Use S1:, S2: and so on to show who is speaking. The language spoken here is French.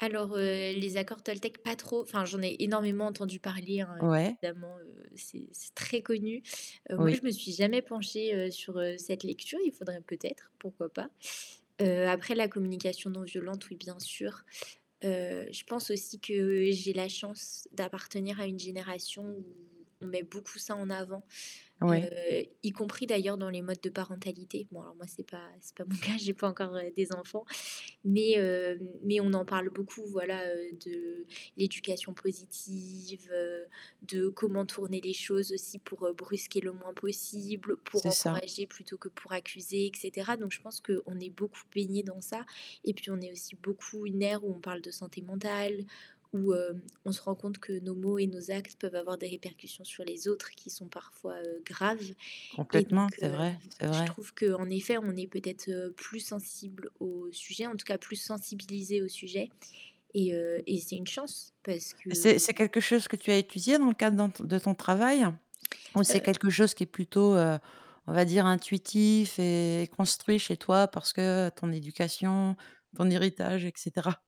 S1: Alors, heu, les accords toltèques, pas trop. Enfin, j'en ai énormément entendu parler, hein,
S2: Ouais.
S1: évidemment, heu, c'est c'est très connu. Heu, moi,
S2: Oui.
S1: je me suis jamais penchée, heu, sur, heu, cette lecture. Il faudrait peut-être, pourquoi pas. Heu, après la communication non violente, oui, bien sûr. Heu, je pense aussi que j'ai la chance d'appartenir à une génération où on met beaucoup ça en avant, heu,
S2: Ouais.
S1: y compris d'ailleurs dans les modes de parentalité. Bon, alors moi, c'est pas c'est pas mon cas, j'ai pas encore, heu, des enfants mais hem, mais on en parle beaucoup, voilà, heu, de l'éducation positive, heu, de comment tourner les choses aussi pour, heu, brusquer le moins possible, pour
S2: C'est ça.
S1: encourager plutôt que pour accuser et cetera. Donc, je pense qu'on est beaucoup baignés dans ça et puis, on est aussi beaucoup une ère où on parle de santé mentale, où, hem, on se rend compte que nos mots et nos actes peuvent avoir des répercussions sur les autres qui sont parfois, heu, graves. Et
S2: Complètement,
S1: donc
S2: c'est
S1: heu,
S2: vrai, c'est
S1: je
S2: vrai.
S1: trouve qu'en effet, on est peut-être, heu, plus sensibles au sujet, en tout cas plus sensibilisés au sujet. Et heu et c'est une chance parce que
S2: C'est c'est quelque chose que tu as étudié dans le cadre dans ton de ton travail ou c'est
S1: Heu
S2: quelque chose qui est plutôt, heu, on va dire, intuitif et construit chez toi parce que ton éducation, ton héritage et cetera?